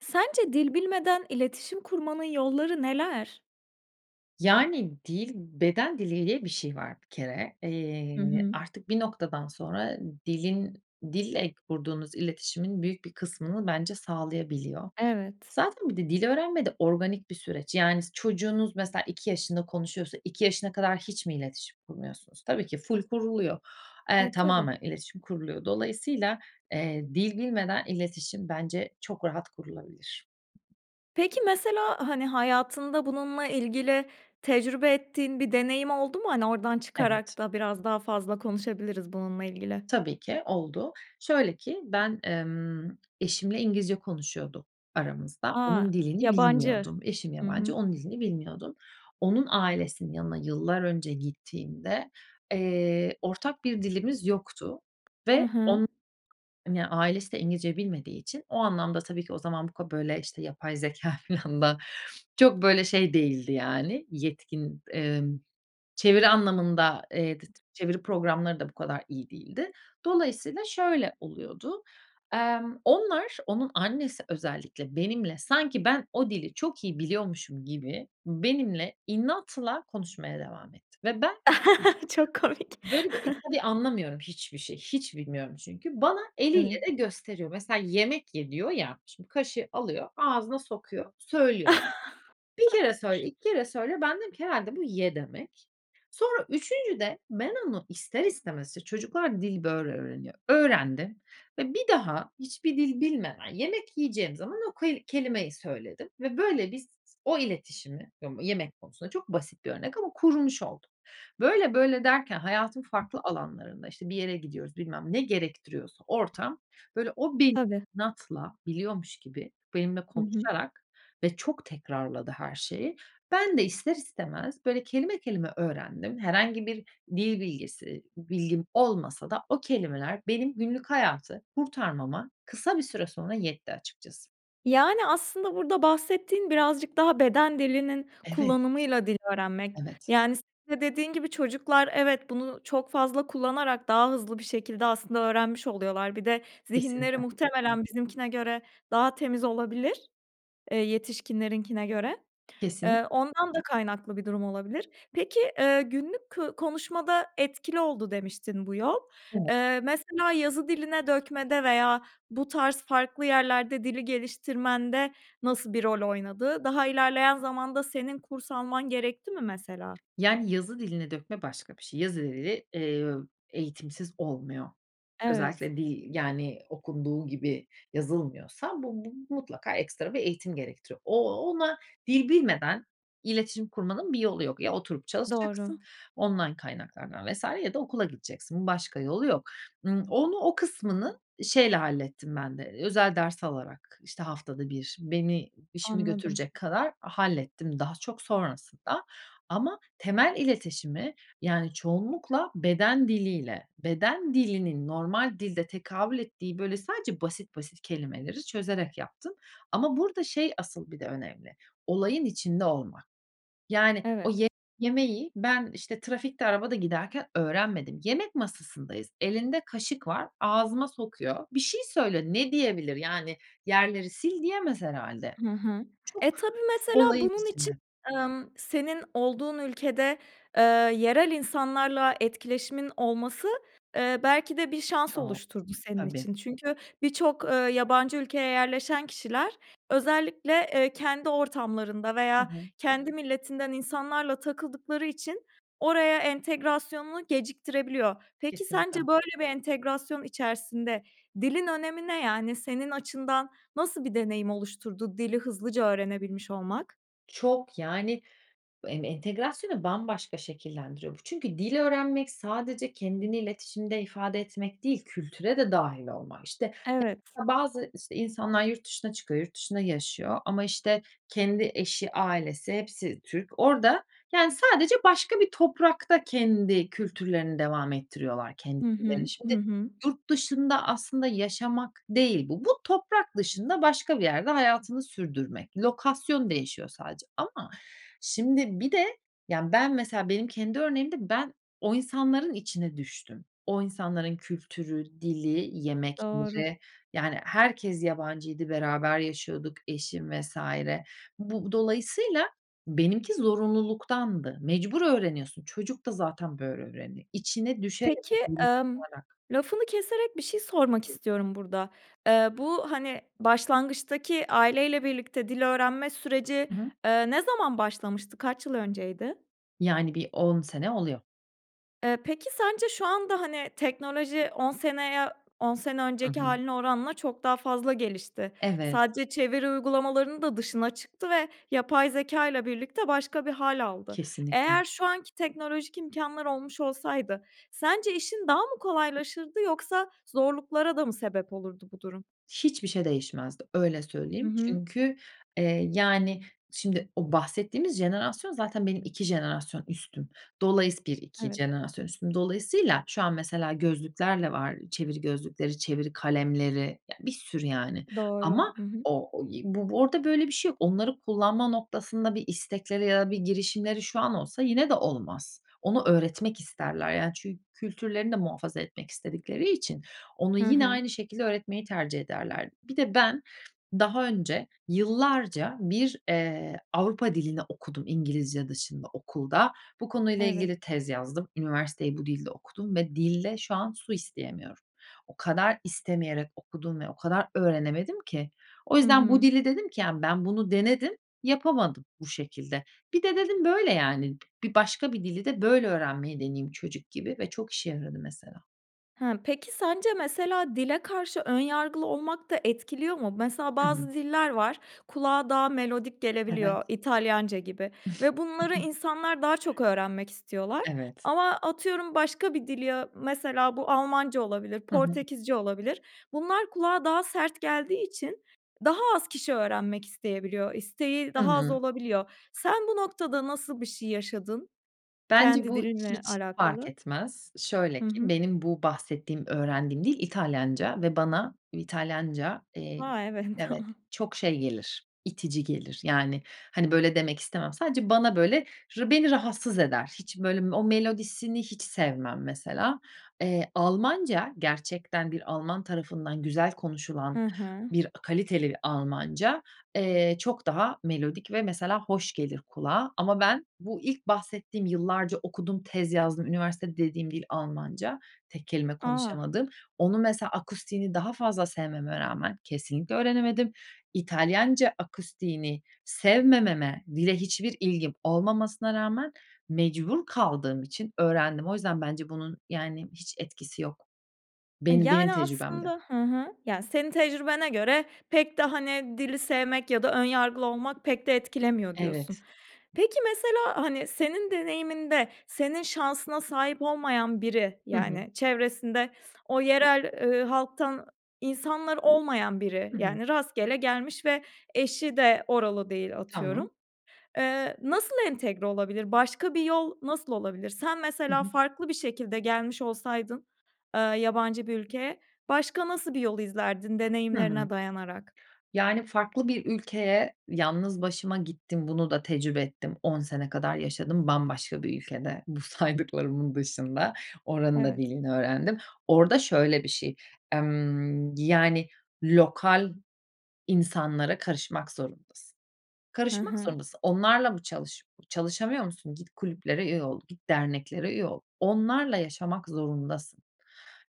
Sence dil bilmeden iletişim kurmanın yolları neler? Yani dil, beden dili diye bir şey var bir kere. Hı Eee, hı. artık bir noktadan sonra dilin, dille kurduğunuz iletişimin büyük bir kısmını bence sağlayabiliyor. Evet. Zaten bir de dil öğrenme de organik bir süreç. Yani s çocuğunuz mesela 2 yaşında konuşuyorsa. 2 yaşına kadar hiç mi iletişim kurmuyorsunuz? Tabii ki ful kuruluyor. Eee, E, tabii. tamamen iletişim kuruluyor. Dolayısıyla, eee, dil bilmeden iletişim bence çok rahat kurulabilir. Peki mesela hani hayatında bununla ilgili tecrübe ettiğin bir deneyim oldu mu? Hani oradan Evet. çıkarak da biraz daha fazla konuşabiliriz bununla ilgili. Tabii ki oldu. Şöyle ki ben, emm, eşimle İngilizce konuşuyorduk aramızda. A! Onun dilini Yabancı. bilmiyordum. Eşim Hı yabancı, hı. onun dilini bilmiyordum. Onun ailesinin yanına yıllar önce gittiğimde, eee, ortak bir dilimiz yoktu Hı ve hı. on ya ailesi de İngilizce bilmediği için o anlamda tabii ki o zaman bu ka böyle işte yapay zekâ filan da çok böyle şey değildi yani yetkin. Emm, çeviri anlamında, eee, dıt çeviri programları da bu kadar iyi değildi. Dolayısıyla şöyle oluyordu: Emm, onlar, onun annesi özellikle benimle, sanki ben o dili çok iyi biliyormuşum gibi benimle inatla konuşmaya devam etti ve ben [unintelligible] Çok komik. Böyle bir tabii anlamıyorum hiçbir şey, hiç bilmiyorum çünkü. Bana Evet. eliyle de gösteriyor. Mesela yemek ye diyor ya. Şimdi kaşığı alıyor. Ağzına sokuyor. Söylüyor. 1 kere söyle, 2 kere söyle, ben dedim ki herhâlde bu "Ye!" demek. Sonra üçüncüde, ben onu ister istemez, işte çocuklar dil böyle öğreniyor. Öğrendim ve bir daha hiçbir dil bilmeden yemek yiyeceğim zaman o ku kelimeyi söyledim ve böyle biz o iletişimi ım yemek konusunda çok basit bir örnek ama kurmuş olduk. Böyle, böyle derken hayatın farklı alanlarında, işte, bir yere gidiyoruz bilmem ne gerektiriyorsa ortam, böyle o benim Tabii. inatla biliyormuş gibi, benimle Hı hı. konuşarak ve çok tekrarladı her şeyi. Ben de ister istemez böyle kelime, kelime öğrendim. Herhangi bir dil bilgisi, bilgim olmasa da o kelimeler benim günlük hayatı kurtarmama kısa bir süre sonra yetti açıkçası. Yani, aslında burada bahsettiğin birazcık daha beden dilinin Evet. kullanımıyla dil öğrenmek. Evet. Yani, senin de dediğin gibi, çocuklar evet bunu çok fazla kullanarak daha hızlı bir şekilde aslında öğrenmiş oluyorlar. Bir de zihinleri Kesinlikle. muhtemelen bizimkine göre daha temiz olabilir. Eee, yetişkinlerinkine göre. Kesinlik Iıı, ondan da kaynaklı bir durum olabilir. Peki, ııı, günlük kı konuşmada etkili oldu, demiştin, bu yol. Evet. Eee, mesela yazı diline dökmede veya bu tarz farklı yerlerde dili geliştirmende nasıl bir rol oynadı? Daha ilerleyen zamanda senin kurs alman gerekti mi mesela? Yani, yazı dilini dökme başka bir şey. Yazı dili, ııı, eğitimsiz olmuyor. Evet. Özellikle dil, yani, okunduğu gibi yazılmıyorsa bu bu mutlaka ekstra bir eğitim gerektiriyor. O ona dil bilmeden iletişim kurmanın bir yolu yok. Ya oturup Doğru. çalışacaksın, online kaynaklardan vs. ya da okula gideceksin, başka yolu yok. Imm, onu, o kısmını şeyle hallettim ben de, ııı, özel ders alarak, işte, haftada 1, beni işimi Anladım. götürecek kadar hallettim daha çok sonrasında. Ama temel iletişimi, yani, çoğunlukla beden diliyle, beden dilinin normal dilde tekabül ettiği böyle sadece basit basit kelimeleri çözerek yaptım. Ama burada, şey, asıl bir de önemli, olayın içinde olmak. Yani, o Evet. ye yemeği ben, işte, trafikte, arabada giderken öğrenmedim. Yemek masasındayız, elinde kaşık var, ağzıma sokuyor. Bir şey söylüyor, ne diyebilir, yani? "Yerleri sil." diyemez herhâlde, Hı hı. E, çok tabii mesela olayın bunun için, içinde. ımm, senin olduğun ülkede, eee, yerel insanlarla etkileşimin olması, ııı, belki de bir şans Çok. oluşturdu senin Tabii. için. Çünkü birçok, ııı, yabancı ülkeye yerleşen kişiler özellikle, eee, kendi ortamlarında Hı veya hı. kendi milletinden insanlarla takıldıkları için oraya entegrasyonunu geciktirebiliyor. Peki, sence Kesinlikle. böyle bir entegrasyon içerisinde dilin önemi ne? Yani senin açından nasıl bir deneyim oluşturdu dili hızlıca öğrenebilmiş olmak? Çok, yani, bu m entegrasyonu bambaşka şekillendiriyor bu. Çünkü dil öğrenmek sadece kendini iletişimde ifade etmek değil, kültüre de dâhil olmak. İşte, [unintelligible] Evet. bazı, işte, insanlar yurt dışına çıkıyor, yurt dışında yaşıyor ama işte, kendi eşi, ailesi, hepsi Türk, orada, yani, sadece başka bir toprakta kendi kültürlerini devam ettiriyorlar, Hı kendilerini. hı, Şimdi, hı hı. yurt dışında aslında yaşamak değil bu. Bu toprak dışında, başka bir yerde hayatını sürdürmek. Lokasyon değişiyor sadece ama şimdi bir de yani, ben mesela benim kendi örneğimde ben o insanların içine düştüm. O insanların kültürü, dili, Doğru. yemekleri, yani, herkes yabancıydı, beraber yaşıyorduk, eşim vs. Bu dolayısıyla benimki zorunluluktandı. Mecbur öğreniyorsun. Çocuk da zaten böyle öğreniyor. İçine düşerek, Peki, [unintelligible] ımm, kalarak. lafını keserek bir şey sormak [unintelligible] istiyorum burada. Eee, bu, hani, başlangıçtaki aileyle birlikte dil öğrenme süreci, Hı hı. eee, ne zaman başlamıştı? Kaç yıl önceydi? Yani, bir 10 sene oluyor. Iıı, peki sence şu anda hani teknoloji 10 seneye, 10 sene Hı önceki hı. hâline oranla çok daha fazla gelişti. Evet. Sadece çeviri uygulamalarının da dışına çıktı ve yapay zekâyla birlikte başka bir hâl aldı. Kesinlikle. Eğer şu anki teknolojik imkânlar olmuş olsaydı sence işin daha mı kolaylaşırdı yoksa zorluklara da mı sebep olurdu bu durum? Hiçbir şey değişmezdi, öyle Hı söyleyeyim. hı. Çünkü, eee, yani şimdi o bahsettiğimiz jenerasyon zaten benim 2 jenerasyon üstüm. Dolayıs 1-2 Evet. jenerasyon üstüm. Dolayısıyla şu an mesela gözlüklerle var, çeviri gözlükleri, çeviri kalemleri, ya bir sürü yani Doğru. ama Hı hı. o o y bu orada böyle bir şey yok. Onları kullanma noktasında bir istekleri ya da bir girişimleri şu an olsa yine de olmaz. Onu öğretmek isterler yani çün kültürlerini de muhafaza etmek istedikleri için onu Hı yine hı. aynı şekilde öğretmeyi tercih ederlerdi. Bir de ben daha önce, yıllarca bir, ııı, Avrupa dilini okudum İngilizce dışında okulda. Bu konuyla Evet. ilgili tez yazdım. Üniversiteyi bu dilde okudum ve dilde şu an su isteyemiyorum. O kadar istemeyerek okudum ve o kadar öğrenemedim ki. O Hı yüzden bu hı. dili dedim ki yani ben bunu denedim, yapamadım bu şekilde. Bir de, dedim, böyle yani, bi bir başka bir dili de böyle öğrenmeyi deneyeyim çocuk gibi ve çok işe yaradı mesela. Hıı. Peki, sence mesela dile karşı ön yargılı olmak da etkiliyor mu? Mesela Hı hı. bazı diller var, kulağa daha melodik Evet. gelebiliyor. İtalyanca gibi ve bunları insanlar daha çok öğrenmek istiyorlar. Evet. Ama atıyorum başka bir dili ya, mesela bu Almanca olabilir, Hı hı. Portekizce olabilir. Bunlar kulağa daha sert geldiği için daha az kişi öğrenmek isteyebiliyor. İsteği Hı daha az hı. olabiliyor. Sen bu noktada nasıl bir şey yaşadın Bence kendi bu dilinle hiç fark alakalı? etmez. Şöyle Hı ki hı. benim bu bahsettiğim, öğrendiğim dil İtalyanca ve bana İtalyanca, eee, Ha, evet. evet çok, şey, gelir, itici gelir. Yani, hani, böyle demek istemem. Sadece bana böyle r beni rahatsız eder. Hiç böyle o melodisini hiç sevmem mesela. Eee, Almanca gerçekten bir Alman tarafından güzel konuşulan Hı hı. bir a kaliteli Almanca, eee, çok daha melodik ve mesela hoş gelir kulağa. Ama ben bu ilk bahsettiğim yıllarca okudum, tez yazdım, "Üniversitede..." dediğim dil, Almanca, tek kelime A. konuşamadığım... Onu, mesela akustiğini daha fazla sevmeme rağmen kesinlikle öğrenemedim. İtalyanca akustiğini sevmememe, dile hiçbir ilgim olmamasına rağmen, mecbur kaldığım için öğrendim. O yüzden bence bunun, yani, hiç etkisi yok, Iıı, benim benim yani, tecrübemde. aslında hı hı. Ya, senin tecrübene göre pek de, hani, "Dili sevmek ya da ön yargılı olmak pek de etkilemiyor." diyorsun. Evet. Peki, mesela, hani, senin deneyiminde senin şansına sahip olmayan biri, Hı hı. yani, çevresinde o yerel eee, halktan insanlar olmayan biri. Hı hı. Yani, rastgele gelmiş ve eşi de oralı değil, Tamam. atıyorum. Eee, nasıl entegre olabilir? Başka bir yol nasıl olabilir? Sen Hı mesela hı. farklı bir şekilde gelmiş olsaydın, eee, yabancı bir ülkeye, başka nasıl bir yol izlerdin Hımm. deneyimlerine dayanarak? Yani, farklı bir ülkeye yalnız başıma gittim. Bunu da tecrübe ettim. 10 sene kadar yaşadım. Bambaşka bir ülkede bu saydıklarımın dışında. Oranın da Evet. dilini öğrendim. Orada şöyle bir şey, emm, yani, lokal insanlara karışmak zorundasın. Hı Karışmak hı. zorundasın. Onlarla mı çalış çalışamıyor musun? Git, kulüplere üye ol, git, derneklere üye ol. Onlarla yaşamak zorundasın.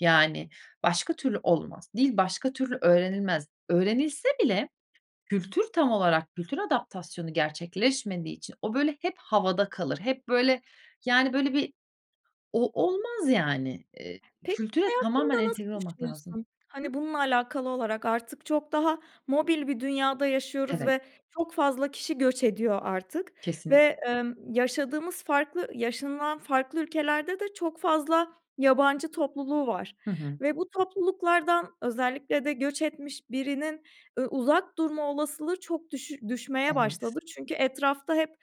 Yani, başka türlü olmaz. Dil başka türlü öğrenilmez. Öğrenilse bile kültür tam olarak kültür adaptasyonu gerçekleşmediği için o, böyle, hep havada kalır. Hep böyle, yani, böyle, bir o, olmaz yani. Eee, Pek kültüre [unintelligible] tamamen hakkında nasıl entegre olmak lazım. düşünüyorsun? Hıı. Hani, bununla alakalı olarak artık çok daha mobil bir dünyada yaşıyoruz Evet. ve çok fazla kişi göç ediyor artık Kesinlikle. ve, emm, yaşadığımız farklı yaşanılan farklı ülkelerde de çok fazla yabancı topluluğu var Hı hı. ve bu topluluklardan özellikle de göç etmiş birinin, ııı, uzak durma olasılığı çok düşü düşmeye Evet. başladı. Çünkü etrafta hep,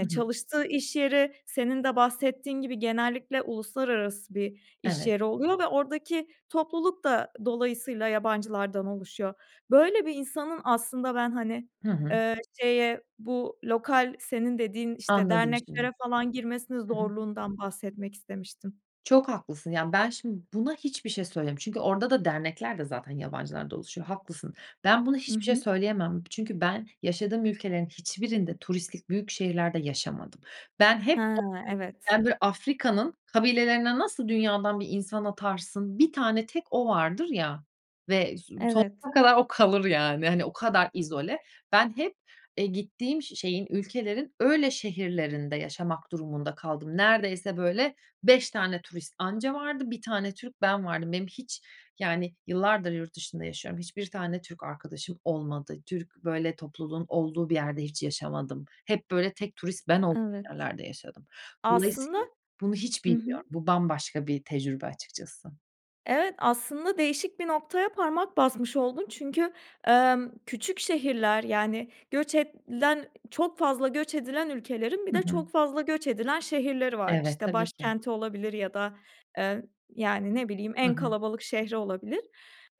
Hı hı. çalıştığı iş yeri, senin de bahsettiğin gibi, genellikle uluslararası bir iş Evet. yeri oluyor ve oradaki topluluk da dolayısıyla yabancılardan oluşuyor. Böyle bir insanın aslında ben, hani, Hı hı. eee, şeye bu lokal, senin dediğin, işte, Anladım derneklere şimdi. falan girmesinin Hı hı. zorluğundan bahsetmek istemiştim. Çok haklısın. Yani, ben şimdi buna hiçbir şey söylem Çünkü orada da dernekler de zaten yabancılardan oluşuyor, haklısın. Ben buna Hı hiçbir bir şey hı. söyleyemem. Çünkü ben yaşadığım ülkelerin hiçbirinde turistik büyük şehirlerde yaşamadım. Ben hep He, o evet. böyle Afrika'nın kabilelerine nasıl dünyadan bir insan atarsın, 1 tane tek o vardır ya ve so Evet. sonuna kadar o kalır, yani, hani, o kadar izole. Ben hep, eee, gittiğim, şeyin, ülkelerin öyle şehirlerinde yaşamak durumunda kaldım. Neredeyse böyle 5 tane turist anca vardı. 1 tane Türk ben vardım. Benim hiç, yani, yıllardır yurt dışında yaşıyorum. Hiçbir tane Türk arkadaşım olmadı. Türk böyle topluluğun olduğu bir yerde hiç yaşamadım. Hep böyle tek turist ben olduğum Evet. yerlerde yaşadım. Aslında Dolayısıyla bunu hiç Hı hı. bilmiyorum. Bu bambaşka bir tecrübe açıkçası. Evet. Aslında değişik bir noktaya parmak basmış oldun çünkü, emm, küçük şehirler, yani, göç edilen çok fazla göç edilen ülkelerin bir Hı de hı. çok fazla göç edilen şehirleri var. Evet, İşte, tabii ki. başkenti olabilir ya da, eee, yani, ne bileyim, Hı en hı. kalabalık şehri olabilir.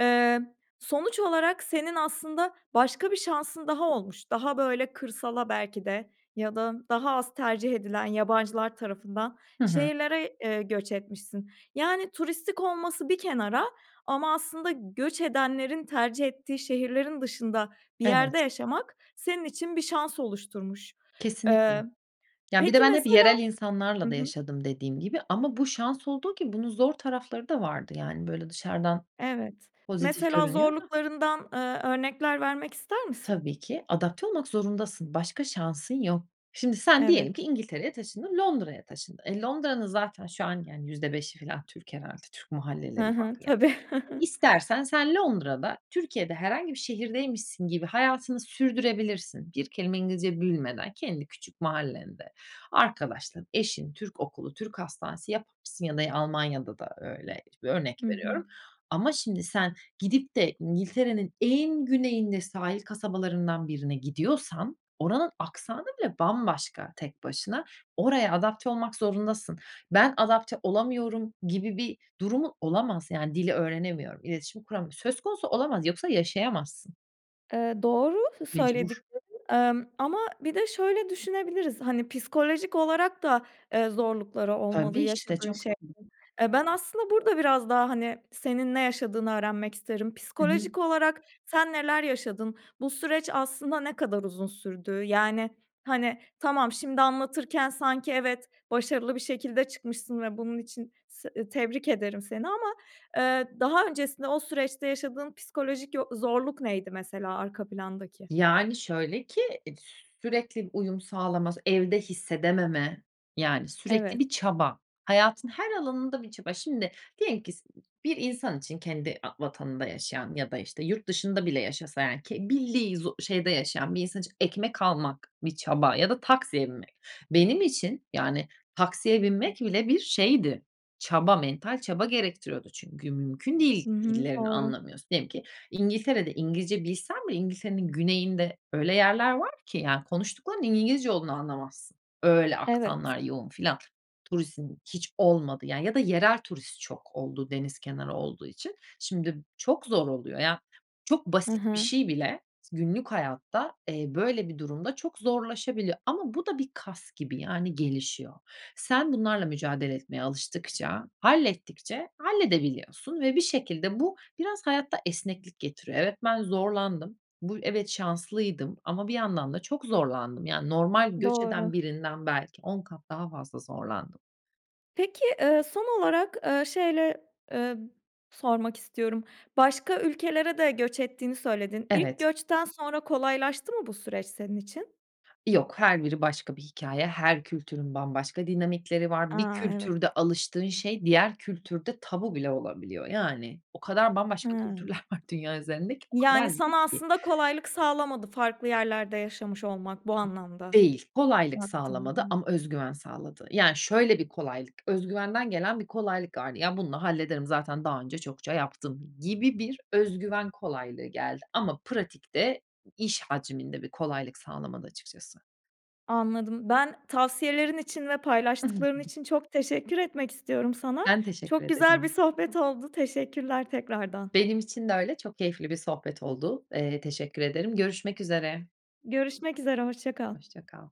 Eee, sonuç olarak senin aslında başka bir şansın daha olmuş. Daha, böyle, kırsala belki de ya da daha az tercih edilen yabancılar tarafından Hı hı. şehirlere, eee, göç etmişsin. Yani, turistik olması bir kenara, ama aslında göç edenlerin tercih ettiği şehirlerin dışında bir yerde Evet. yaşamak. Senin için bir şans oluşturmuş. Kesinlikle. Eee, Ya, bir de peki ben hep mesela yerel Hı insanlarla da hı. yaşadım, dediğim gibi. Ama bu şans olduğu gibi, bunun zor tarafları da vardı. Yani böyle dışarıdan Evet. pozitif Mesela görünüyor da. zorluklarından, ııı, örnekler vermek ister misin? Tabii ki adapte olmak zorundasın, başka şansın yok. Şimdi sen diyelim ki Evet. İngiltere'ye taşındın, Londra'ya taşındın. E, Londra'nın zaten şu an %5'i f alan Türk herhâlde, Türk mahalleleri Hı var hı, yani. tabii. İstersen sen Londra'da Türkiye'de herhangi bir şehirdeymişsin gibi hayatını sürdürebilirsin. Bir kelime İngilizce bilmeden. Kendi küçük mahallende, arkadaşlar, eşin, Türk okulu, Türk hastanesi yaparsın ya da Almanya'da da öyle, örnek Hı hı. veriyorum. Ama şimdi sen gidip de İngiltere'nin en güneyinde sahil kasabalarından birine gidiyorsan. Oranın aksanı bile bambaşka tek başına, oraya adapte olmak zorundasın. Ben adapte olamıyorum gibi bir durumun olamaz. Yani, dil öğrenemiyorum. İletişim kuramıyorum. Söz konusu olamaz, yoksa yaşayamazsın. Eee, doğru Mecbur. söylediklerin, emm, ama bir de şöyle düşünebiliriz, hani, psikolojik olarak da, eee, zorlukları olmalı Tabii, işte, yaşadığın çok zor şeylerin. [unintelligible] Ben aslında burada biraz daha, hani, senin ne yaşadığını öğrenmek isterim. Hı hı. Psikolojik olarak sen neler yaşadın? Bu süreç aslında ne kadar uzun sürdü? Yani, hani, tamam, şimdi anlatırken sanki evet, başarılı bir şekilde çıkmışsın ve bunun için s tebrik ederim seni ama, eee, daha öncesinde o süreçte yaşadığın psikolojik yo zorluk neydi mesela arka plandaki? Yani, şöyle ki ed sü sürekli uyum sağlaması, evde hissedememe, yani, sürekli Evet. bir çaba, hayatın her alanında bir çaba. Şimdi, diyelim ki s ı ı bir insan için kendi a vatanında yaşayan ya da, işte, yurt dışında bile yaşasa, yani, ki bildiği zo şeyde yaşayan bir insan için ekmek almak bir çaba ya da taksiye binmek. Benim için, yani, taksiye binmek bile bir şeydi, çaba, mental çaba gerektiriyordu çünkü mümkün değil Hı hı. dillerini Doğru. anlamıyorsun. Diyelim ki İngiltere'de İngilizce bilsen bile İngiltere'nin güneyinde öyle yerler var ki, yani, konuştuklarının İngilizce olduğunu anlamazsın. Öyle Evet. aksanlar yoğun filan. Turistin hiç olmadığı ya da yerel turist çok olduğu deniz kenarı olduğu için. Şimdi m çok zor oluyor. Ya, çok Hı basit bir hı. şey bile günlük hayatta, eee, böyle bir durumda çok zorlaşabiliyor ama bu da bir kas gibi yani gelişiyor. Sen bunlarla mücadele etmeye alıştıkça, hallettikçe halledebiliyorsun ve bir şekilde bu biraz hayatta esneklik getiriyor. Evet, ben zorlandım. Bu y evet şanslıydım ama bir yandan da çok zorlandım. Yani, normal göç eden Doğru. birinden belki 10 kat daha fazla zorlandım. Peki, eee, son olarak, eee, şeyle, emm, sormak istiyorum. Başka ülkelere de göç ettiğini söyledin. İlk Evet. göçten sonra kolaylaştı mı bu süreç senin için? Yok. Her biri başka bir hikâye, her kültürün bambaşka dinamikleri var. Bir A, evet. kültürde alıştığın şey diğer kültürde tabu bile olabiliyor. Yani, o kadar bambaşka kültürler Ha. var dünya üzerindeki, o kadar Yani, sana zıt ki. aslında kolaylık sağlamadı farklı yerlerde yaşamış olmak bu anlamda Değil, kolaylık sağlamadı ama baktığında. öz güven sağladı. Yani, şöyle bir kolaylık: Öz güvenden gelen bir kolaylık vardı; "Ya, bununla hallederim, zaten daha önce çokça yaptım." gibi bir öz güven kolaylığı geldi ama pratikte iş hacminde bir kolaylık sağlamadı açıkçası. Anladım. Ben tavsiyelerin için ve I hı. paylaştıkların için çok teşekkür etmek istiyorum sana. Ben teşekkür Çok güzel bir ederim. sohbet oldu. Teşekkürler tekrardan. Benim için de öyle. Çok keyifli bir sohbet oldu. Eee, teşekkür ederim. Görüşmek üzere. Görüşmek üzere. Hoşça kal. Hoşça kal.